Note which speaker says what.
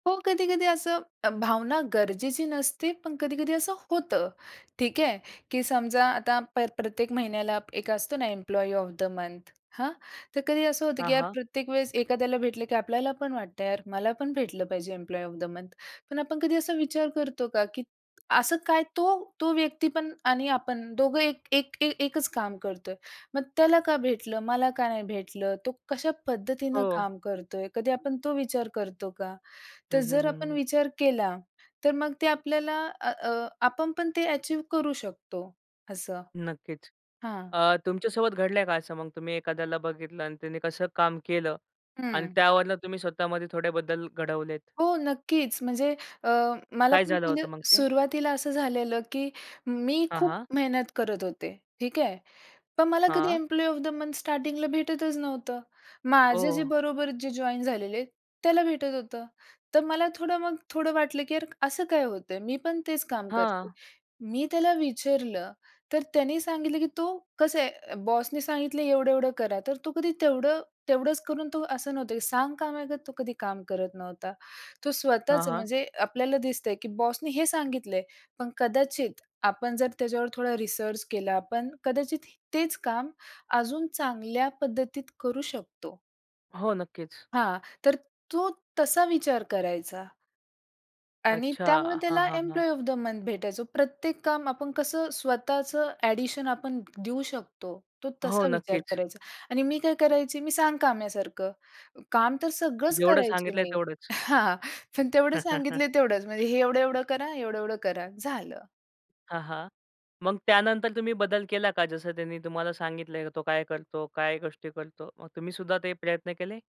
Speaker 1: हो, कधी-कधी असं अ, भावना गरजेची नसते, पण कधी-कधी असं होतं. ठीक आहे, की समजा आता प्र प्रत्येक महिन्याला, एक असतो ना एम्प्लॉयी ऑफ द मंथ. हां, तर कधी असं होतं की
Speaker 2: हां,
Speaker 1: यार
Speaker 2: हां.
Speaker 1: प्रत्येक वेळेस एखाद्याला भेटलं, की आपल्याला पण वाटतं, यार मला पण भेटलं पाहिजे, एम्प्लॉयी ऑफ द मंथ पण आपण कधी असा विचार करतो का? की असं काय तो तो व्यक्ती पण आणि आपण, दोघं एक एक ए एकच काम करतोय, मग त्याला का भेटलं? मला का नाही भेटलं? तो कशा पद्धतीनं
Speaker 2: हो.
Speaker 1: काम करतोय? कधी आपण तो विचार करतो का?
Speaker 2: हं,
Speaker 1: तर जर
Speaker 2: हं,
Speaker 1: आपण
Speaker 2: हं.
Speaker 1: विचार केला, तर मग ते आपल्याला आ अ आपण पण ते ॲचीव करू शकतो, असं.
Speaker 2: नक्कीच
Speaker 1: हां.
Speaker 2: अ, तुमच्या सोबत घडलंय का? असं मग तुम्ही एखाद्याला बघितलं आणि त्यांनी कसं काम केलं? आणि
Speaker 1: हं.
Speaker 2: त्यावरनं तुम्ही स्वतःमध्ये थोडे बदल घडवलेत.
Speaker 1: हो, नक्कीच, म्हणजे अ, मला
Speaker 2: काय
Speaker 1: पण
Speaker 2: झालं
Speaker 1: म्हणजे
Speaker 2: होतं मग ते?
Speaker 1: सुरुवातीला असं झालेलं, की मी
Speaker 2: हां,
Speaker 1: खूप
Speaker 2: हां.
Speaker 1: मेहनत करत होते, ठीक आहे. पण मला कधी
Speaker 2: हां.
Speaker 1: एम्प्लॉयी ऑफ द मंथ स्टार्टिंगला भेटतच नव्हतं. माझे जे
Speaker 2: ओह!
Speaker 1: बरोबर जे जॉइन झालेले, त्याला भेटत होतं. तर मला थोडं, मग थोडं वाटलं की यार असं काय होतंय? मी पण तेच काम करते.
Speaker 2: हां.
Speaker 1: मी त्याला विचारलं? तर त्याने सांगितलं की तो "कसं आहे, अ, बॉस ने सांगितलं "एवढं-एवढं करा." तर तो कधी तेवढं तेवढंच करून, तो असं नव्हतं की सांगकाम्यागत तो कधी काम करत नव्हता. तो
Speaker 2: हां,
Speaker 1: स्वतःच,
Speaker 2: हां.
Speaker 1: म्हणजे आपल्याला दिसतंय की बॉसने हे सांगितलंय, पण कदाचित आपण जर त्याच्यावर थोडा रिसर्च केला, पण कदाचित तेच काम अजून चांगल्या पद्धतीत करू शकतो.
Speaker 2: हो, नक्कीच.
Speaker 1: हां, तर तो, तसा विचार करायचा. आणि
Speaker 2: अच्छा,
Speaker 1: त्यामुळे
Speaker 2: हां,
Speaker 1: त्याला
Speaker 2: हां, हां.
Speaker 1: एम्प्लॉयी ऑफ द मंथ भेटायचो. प्रत्येक काम, आपण कसं स्वतःचं एडिशन आपण देऊ शकतो, तो
Speaker 2: हो,
Speaker 1: तसा विचार
Speaker 2: नक्कीच.
Speaker 1: करायचा आणि मी काय करायची, मी सांगकाम्यासारखं. काम तर सगळंच
Speaker 2: जेवढं
Speaker 1: करायचे
Speaker 2: सांगितलंय
Speaker 1: मी.
Speaker 2: तेवढच.
Speaker 1: हां, हां. पण तेवढं सांगितले तेवढंच, म्हणजे हे एवढं-एवढं करा, एवढं-एवढं करा, झालं.
Speaker 2: हां, हां, मग त्यानंतर तुम्ही बदल केला का? जसं त्यांनी तुम्हाला सांगितलंय तो काय करतो? काय गोष्टी करतो? मग तुम्ही सुद्धा ते प्रयत्न केले?